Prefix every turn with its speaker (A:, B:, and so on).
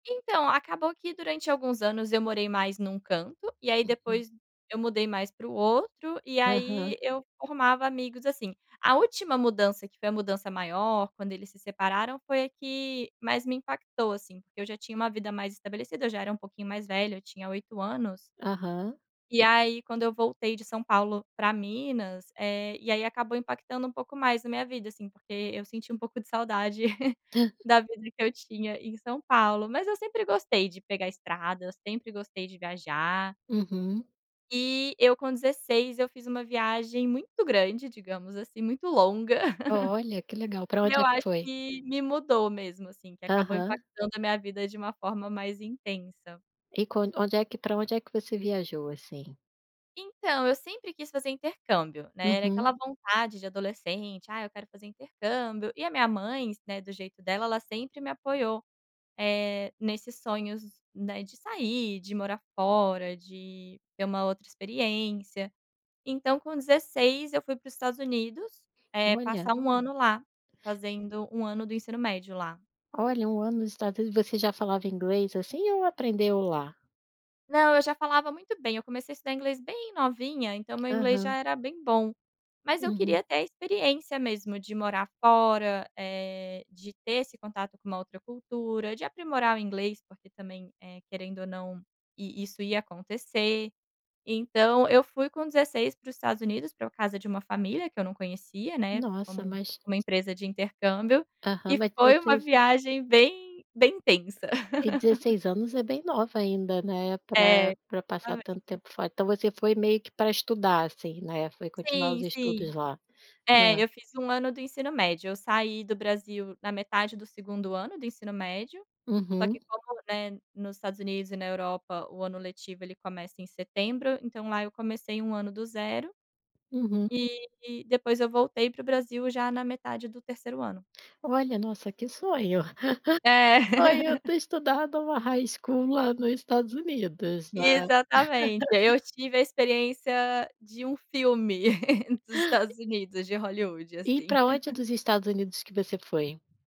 A: Então, acabou que durante alguns anos eu morei mais num canto, e aí
B: Uhum.
A: depois eu mudei mais para o outro, e
B: Aham.
A: aí, eu formava amigos assim. A última mudança, que foi a mudança maior, quando eles se separaram foi a que mais me impactou, assim, porque eu já tinha uma vida mais estabelecida, eu já era um pouquinho mais velha, eu tinha 8 anos
B: Aham.
A: e aí, quando eu voltei de São Paulo para Minas, eh, e aí acabou impactando um pouco mais a minha vida, assim, porque eu senti um pouco de saudade,
B: Ah.
A: da vida que eu tinha em São Paulo, mas eu sempre gostei de pegar estrada, eu sempre gostei de viajar
B: Uhum.
A: Eh, eu com 16, eu fiz uma viagem muito grande, digamos assim, muito longa.
B: Olha, que legal, para
A: Que
B: onde
A: eu
B: é que
A: acho
B: foi?
A: que me mudou, mesmo, assim, que acabou
B: Aham.
A: impactando a minha vida de uma forma mais intensa.
B: E quando onde é que para onde é que você viajou, assim?
A: Então, eu sempre quis fazer intercâmbio, né, era
B: Uhum.
A: aquela vontade de adolescente: "Ah, eu quero fazer intercâmbio", e a minha mãe, is né, do jeito dela, ela sempre me apoiou, eh, nesses sonhos, né, de sair, de morar fora, de ter uma outra experiência. Então com 16, eu fui para os Estados Unidos, eh,
B: Olha.
A: passar 1 ano lá, fazendo 1 ano do ensino médio lá.
B: Olha, 1 ano no Estados Unidos você já falava inglês, assim, ou aprendeu lá?
A: Não, eu já falava muito bem, eu comecei a estudar inglês bem novinha, então o meu inglês já
B: Aham.
A: era bem bom, mas eu
B: Uhum.
A: queria ter a experiência mesmo de morar fora, eh, de ter esse contato com uma outra cultura, de aprimorar o inglês porque também, eh, querendo ou não, e isso ia acontecer, então eu fui com 16 para os Estados Unidos, para casa de uma família, que eu não conhecia, né,
B: Nossa
A: com
B: mas
A: uma empresa de intercâmbio,
B: Aham,
A: e
B: mas
A: foi uma
B: 16 an
A: viagem bem bem intensa.
B: E 16 anos é bem nova ainda, né,
A: É,
B: pra pra passar tanto
A: exatamente.
B: tempo fora então você foi meio que para estudar, assim, né, foi continuar
A: Sim,
B: os estudos
A: sim.
B: lá.
A: É,
B: Hã.
A: eu fiz 1 ano do ensino médio, eu saí do Brasil na metade do 2º ano do ensino médio, só
B: Uhum.
A: que como, né, nos Estados Unidos e na Europa o ano letivo ele começa em setembro, então lá eu comecei 1 ano do zero,
B: Uhum.
A: eh, depois eu voltei para o Brasil, já na metade do 3º ano.
B: Olha, nossa, que sonho.
A: É.
B: Sonho ter estudado o high school lá, no Estados Unidos,
A: E,
B: né.
A: exatamente, aí eu tive a experiência de um filme, dos Estados Unidos, de Hollywood,
B: E
A: assim.
B: para onde dos Estados Unidos que você foi?